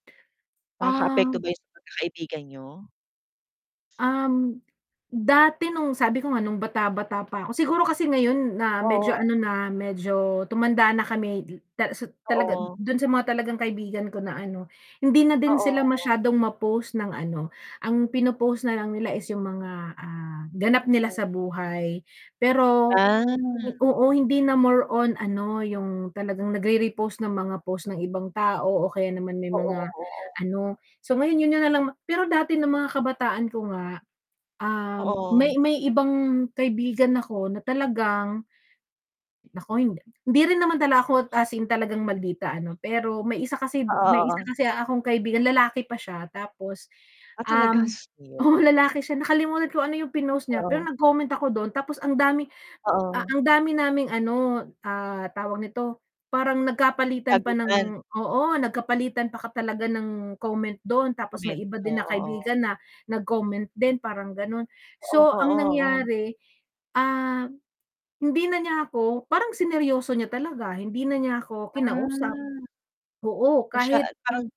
Nakakaapekto Ah. ba 'yon sa pagkakaibigan niyo? Um, dati no'ng, sabi ko nga no'ng bata-bata pa ako. Siguro kasi ngayon na medyo Oo. ano na, medyo tumanda na kami dil tala su Oo. do'n sa mga talagang kaibigan ko na ano, hindi na din sila Oo. masyadong ma-post ng ano. Ang pino-post na lang nila is 'yong mga, ah, ganap nila Oo. sa buhay. Pero Ah. oo, hindi na more on ano 'yong talagang nagre-repost ng mga post ng ibang tao o kaya naman may Oo, mga oo. ano. So ngayon 'yon 'yon na lang ma pero dati no'ng mga kabataan ko nga, um, Oo. may may ibang kaibigan ako na talagang naku, hindi hindi rin naman dala ako as in talagang maldita, ano. Pero may isa kasi m Oo, may isa oo. kasi akong kaibigan, lalaki pa siya, tapos, Ah, talaga. um Sus mio. oo, lalaki siya. Nakalimutan kung ano 'yong pinost niya. Pero Oo. nag-comment ako do'n, tapos ang dami m a Oo. ang dami naming ano, ah, tawag nito, parang nagkapalitan pa Sagutan. ng oo, nagkapalitan pa ka talaga ng comment do'n. Tapos may Komento, iba din na oo. kaibigan na nag-comment din, parang gano'n. Oo, So ang oo, oh. nangyari, ah, hindi na niya ako parang sineryoso niya talaga. Hindi na niya ako kinausap. Ah. Oo, Masya kahit na parang.